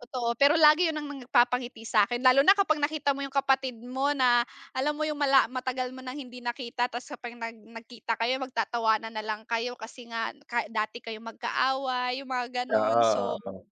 Totoo, pero lagi 'yon ang nagpapangiti sa akin lalo na kapag nakita mo yung kapatid mo na alam mo yung mala matagal mo ng hindi nakita tapos kapag nag nagkita kayo magtatawanan nalang kayo kasi nga ka dati kayo magka away, yung mga ganon. Oo, So, oo.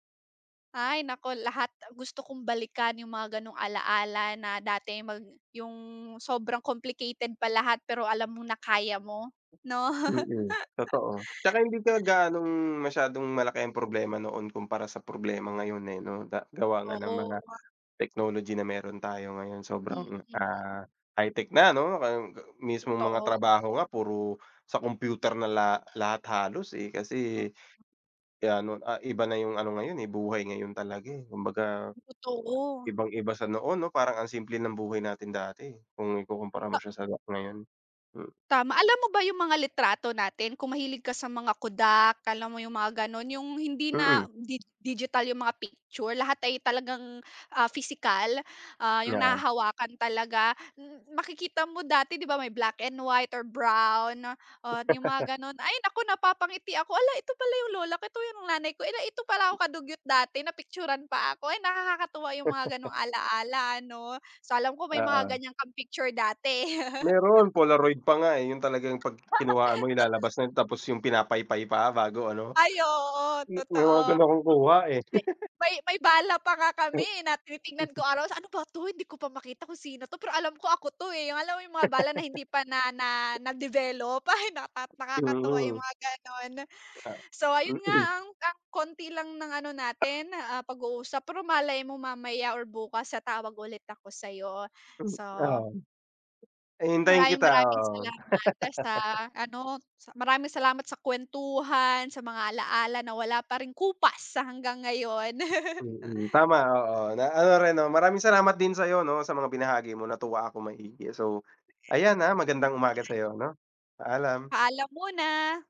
ay nako lahat gusto kong balikan yung mga ganong alaala na dati mag yung sobrang complicated pa lahat pero alam mo na kaya mo 'no? Mm, totoo. 'Tsaka hindi ka gaanong masyadong malaki ang problema noon kumpara sa problema ngayon, eh, 'no da gawa nga Totoo ng mga nga. technology na mayro'n tayo ngayon sobrang, Mm. ah, high tech na 'no? [unintelligible] Mismong mga Totoo. trabaho nga puro sa computer na la lahat halos, eh, Mm. kasi, gaya no'n ah, iba na yung ano ngayon, eh, buhay ngayon talaga. eh Kumbaga Totoo. ibang iba sa noon 'no parang ang simple ng buhay natin dati kung ikukumpara mo Ah. siya sa nga ngayon, hmm. Tama, alam mo ba yung mga litrato natin kung mahilig ka sa mga Kodak alam mo yung mga gano'n yung hindi Mm. na di digital yung mga picture lahat ay talagang, ah, pisikal, ah, yung Yeah. nahahawakan talaga. Makikita mo dati di ba, may black and white or brown, oo yung mga gano'n. Ay naku, napapangiti ako, "Hala ito pala yung lola ko, ito yung nanay ko, eh, ito pala ako ka-dugyot dati napicture-an pa ako?" ay, nakakakatuwa yung mga ganong alaala ano, sa alam ko may mga Oo. ganyan kang picture dati. Mayro'n polaroid pa nga, eh, 'yon talagang pag kinuhaan mo Totoo ilalabas na tapos yung pinapaypay pa bago ano. Ay, oo May mga totoo. gano'n akong kuha, eh. May, may bala pa nga kami, eh, na tinitingnan ko araw "Ano ba 'to hindi ko pa makita kung sino to, pero alam ko ako to, eh" yung alam mo yung mga bala na hindi pa na na na-develop ay! nakat nakakatuwa yung Mm. mga gano'n. Ah, So, ayun nga Mm. ang, ang konti lang ng ano natin, ah, pag-uusap pero malay mo mamaya or bukas sa tawag ulit ako sayo. Hmm, So oo. Hihintayin Maraming kita maraming oo. salamat sa ano sa maraming salamat sa kuwentuhan, sa mga alaala na wala pa ring kupas hanggang ngayon. Mm, tama oo. Na ano rin 'no? Maraming salamat din sayo 'no sa mga binahagi mo natuwa akong maigi so, ayan, ah, magandang Naman. umaga sayo 'no, paalam! Paalam muna.